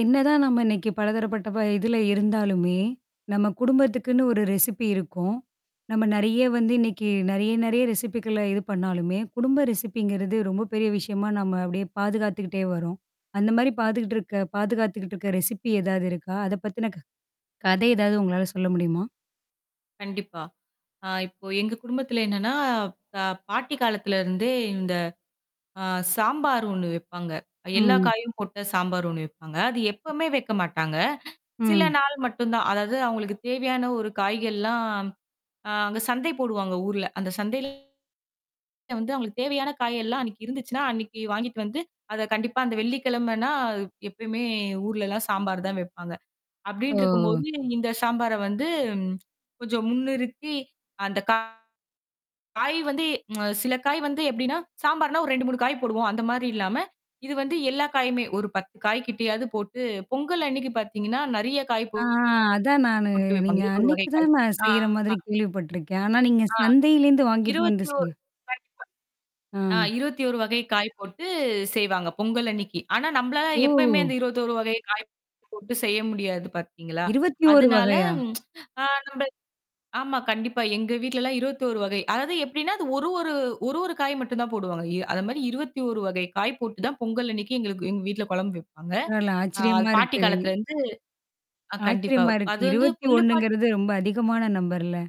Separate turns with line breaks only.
என்னதான் நம்ம இன்னக்கி பலதரப்பட்ட ப இதுல இருந்தாலுமே, நம்ம குடும்பத்துக்குன்னு ஒரு ரெசிப்பி இருக்கும். நம்ம நிறைய வந்து இன்னக்கி நிறைய, நிறைய ரெசிபிக்குள்ள இது பண்ணாலுமே, குடும்ப ரெசிபிங்கிறது ரொம்ப பெரிய விஷயமா நம்ம அப்பிடியே பாதுகாத்துக்கிட்டே வரோம். அந்தமாரி பாத்துக்கிட்டு இருக்க பாதுகாத்துக்கிட்டு இருக்க ரெசிபி ஏதாவது இருக்கா? அதப் பத்தின க கதை ஏதாவது உங்களால சொல்ல முடியுமா?
கண்டிப்பா. ஆ இப்போ எங்க குடும்பத்துல என்னன்னா, அ பாட்டி காலத்துல இருந்தே இந்த அ சாம்பார் ஒண்ணு வைப்பாங்க. அ எல்லா
ம்.
காயும் போட்ட சாம்பார் ஒண்ணு வைப்பாங்க. அது எப்பமே வைக்கமாட்டாங்க. சில
ம்.
நாள் மட்டும்தான். அதாவது அவுங்களுக்கு தேவையான ஒரு காய்கள் எல்லாம் அ அங்க சந்தை போடுவாங்க ஊர்ல. அந்தச் சந்தையில வந்து அவுங்களுக்கு தேவையான காய் எல்லாம் அன்னக்கி இருந்துச்சுன்னா, அன்னக்கி வாங்கிட்டு வந்து அதக் கண்டிப்பா அந்த வெள்ளிக்கிழமன்னா எப்பயுமே ஊர்ல எல்லாம் சாம்பார்தான் வைப்பாங்க.
ஓ!
அப்பிடின்டுருக்கும்போது இந்த சாம்பார வந்து கொஞ்சம் முன்னிறுத்தி அந்தக் கா காய் வந்து அ சில காய் வந்து எப்பிடின்னா சாம்பார்னா ஒரு 2, 3 காய் போடுவோம். அந்தமாரி இல்லாம இது வந்து எல்லா காயுமே ஒரு 10 காய்க்கிட்டையாவது போட்டுப் பொங்கல் அன்னக்கி பார்த்தீங்கன்னா நிறைய காய் போ
ஆ அதான் நானு
போட்டு வைப்பாங்க.
நீங்க
[unintelligible] ஒரு வகை
அன்னக்கி
காய்.
தான் நான்
ஆ.
செய்யிற மாதிரி கேள்விப்பட்டிருக்கேன். ஆனா, நீங்க
ஆ.
சந்தையிலருந்து வாங்கிட்டு வந்து
21
செய்ய
கண்டிப்பா ஆ
ஆ.
21 வகை காய் போட்டுச் செய்வாங்க பொங்கல் அன்னக்கி. ஆனா நம்மளால எப்பயுமே
ஓ!
அந்த 21 வகை காய் போட்டுச் செய்ய முடியாது பார்த்தீங்களா!
21
அதனால
வகையா?
ம் ஆ நம்ம ஆமா கண்டிப்பா எங்க வீட்ல எல்லாம் 21 வகை. அதாவது எப்பிடின்னா அது ஒரு, ஒரு, ஒரு, ஒரு காய் மட்டும்தான் போடுவாங்க. அ அதேமாரி 21 வகை காய் போட்டுத்தான் பொங்கல் அன்னக்கி எங்களுக்கு எங்க வீட்ல குழம்பு வைப்பாங்க.
இல்ல,
அ
ஆச்சரியமா
பாட்டி
இருக்கு.
காலத்துல இருந்து கண்டிப்பா.
ஆச்சரியமா இருக்கு.
அது வந்து
இருபத்தி
கொள்ளுப்பாட்டி
ஒண்ணுங்குறது ரொம்ப அதிகமான நம்பர்ல.